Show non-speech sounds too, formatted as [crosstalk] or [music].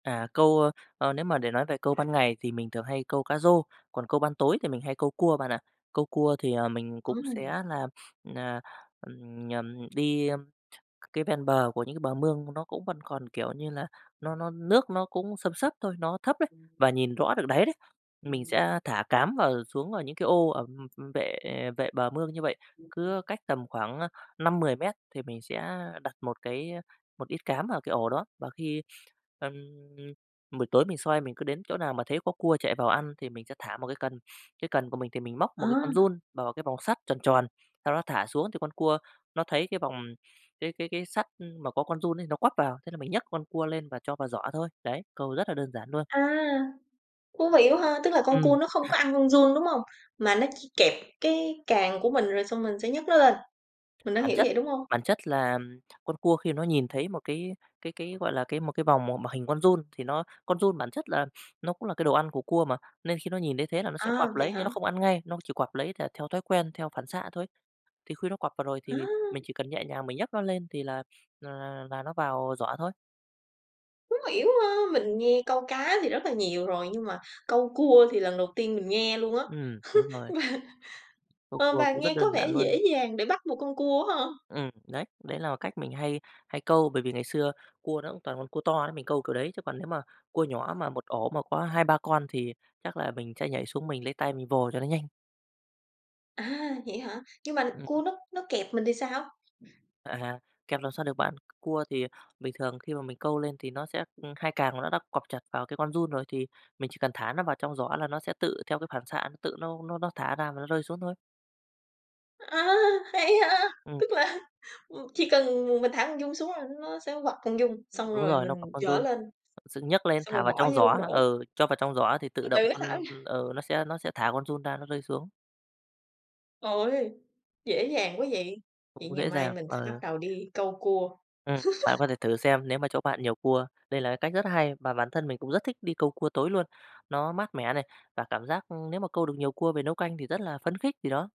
À, câu, ơ, ờ nếu mà để nói về câu ban ngày thì mình thường hay câu cá rô, còn câu ban tối thì mình hay câu cua bạn ạ. Câu cua thì, ờ, mình cũng sẽ Ừm. là, à, ờ, ùm, nhầm đi cái ven bờ của những cái bờ mương nó cũng vẫn còn, kiểu như là, nó nó nước nó cũng xâm xấp thôi, nó thấp đấy và nhìn rõ được đáy đấy, mình sẽ thả cám vào xuống vào những cái ô ở, ờm, ừm, vệ vệ bờ mương như vậy. Cứ cách tầm khoảng, ơ, 5-10 mét thì mình sẽ đặt một cái một ít cám vào cái ổ đó. Và khi, ơ, buổi tối mình soi mình cứ đến chỗ nào mà thấy có cua chạy vào ăn thì mình sẽ thả một cái cần, cái cần của mình thì mình móc Ờ. một cái con giun bào vào cái vòng sắt tròn tròn, sau đó thả xuống thì con cua nó thấy cái vòng cái cái cái sắt mà có con giun ấy nó quắp vào, thế là mình nhấc con cua lên và cho vào giỏ thôi. Đấy, câu rất là đơn giản luôn. À, thú vị quá ha, tức là con cua Ừm. nó không [clears throat] có ăn con giun, đúng hông? Mà nó chỉ kẹp cái càng của mình rồi xong mình sẽ nhấc nó lên, mình đã Bản hiểu chất vậy, đúng hông? bản chất là con cua khi nó nhìn thấy một cái cái cái, gọi là, cái một cái vòng m mà hình con giun thì nó con giun bản chất là nó cũng là cái đồ ăn của cua mà, nên khi nó nhìn thấy thế là nó sẽ À, quặp vậy lấy nhưng hả? nó không ăn ngay, nó chỉ quặp lấy th theo thói quen, theo phản xạ thôi. Thì khi nó quặp vào rồi thì Á! mình chỉ cần nhẹ nhàng mình nhấc nó lên thì là là là là nó vào giỏ thôi. Hông hiểu ha, mình nghe câu cá thì rất là nhiều rồi, nhưng mà câu cua thì lần đầu tiên mình nghe luôn á. Ừm, đúng [laughs] rồi. Và, Câu ờ, cua và cũng rất nghe có đơn vẻ giản luôn. dễ dàng để bắt một con cua á ha! Ừm, đấy, đấy là cách mình hay hay câu. Bởi vì ngày xưa cua nó cũng toàn con cua to đấy mình câu kiểu đấy, chứ còn nếu mà cua nhỏ mà một ổ mà có 2-3 con thì chắc là mình sẽ nhảy xuống mình lấy tay mình vồ cho nó nhanh. À, vậy hả? Nhưng mà Ừm. cua nó nó kẹp mình thì sao? À, kẹp làm sao được bạn. Cua thì bình thường khi mà mình câu lên thì nó sẽ ơ, hai càng nó đã quặp chặt vào cái con giun rồi thì mình chỉ cần thả nó vào trong giỏ là nó sẽ tự theo cái phản xạ nó, tự nó nó nó thả ra và nó rơi xuống thôi. A! Hay ha, Ừm. tức là, ờ, chỉ cần m mình thả con giun xuống là nó sẽ quặp con giun, xong Đúng rồi rồi, nó quặp mình con giở giun, lên, dựng nhấc lên xong rồi thả vào bỏ trong vô giỏ, rổ. ừ, cho vào trong giỏ thì tự Từ động từ cái thả ra. con con ừ, nó sẽ nó sẽ thả con giun ra nó rơi xuống. Ôi! Dễ dàng quá vậy! Vậy Cũng ngày dễ mai dàng, mình sẽ bắt ờ. đầu đi câu cua. Ừm, bạn [laughs] có thể thử xem nếu mà chỗ bạn nhiều cua. Đây là cái cách rất hay, mà bản thân mình cũng rất thích đi câu cua tối luôn, nó mát mẻ này, và cảm giác nếu mà câu được nhiều cua về nấu canh thì rất là phấn khích, thì đó.